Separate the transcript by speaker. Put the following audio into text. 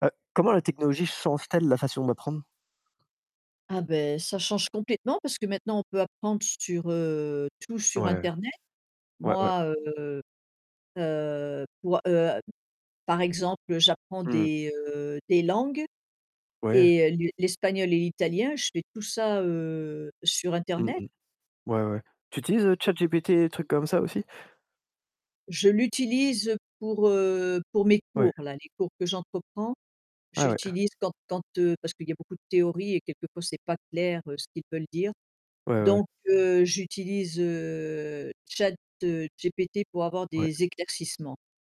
Speaker 1: Heu, comment la technologie change-t-elle la façon d'apprendre?
Speaker 2: Ah beh, ça change complètement parce que maintenant on peut apprendre sur heu tout sur
Speaker 1: Ouais.
Speaker 2: internet.
Speaker 1: Ouais, ouais.
Speaker 2: Moi heu, heu, pour a heu par exemple, heu, j'apprends
Speaker 1: Mmh.
Speaker 2: des heu des langues
Speaker 1: Ouais.
Speaker 2: et heu, lu l'espagnol et l'italien, je fais tout ça heu, sur
Speaker 1: Mmh
Speaker 2: internet.
Speaker 1: mh. Ouais, ouais. Tu utilises, heu,
Speaker 2: Et
Speaker 1: ChatGPT, des trucs comme ça, aussi?
Speaker 2: Je l'utilise, pour, heu pour mes
Speaker 1: Ouais.
Speaker 2: cours là, les cours que j'entreprends,
Speaker 1: Ah ouais.
Speaker 2: j'utilise quand quand heu parce qu'il y a beaucoup de théories et quelque fois c'est pas clair, heu, ce qu'ils veulent dire.
Speaker 1: Ouais, ouais, ouais.
Speaker 2: Donc, heu, j'utilise, heu, Chat, heu, GPT pour avoir
Speaker 1: Ouais.
Speaker 2: des éclaircissements.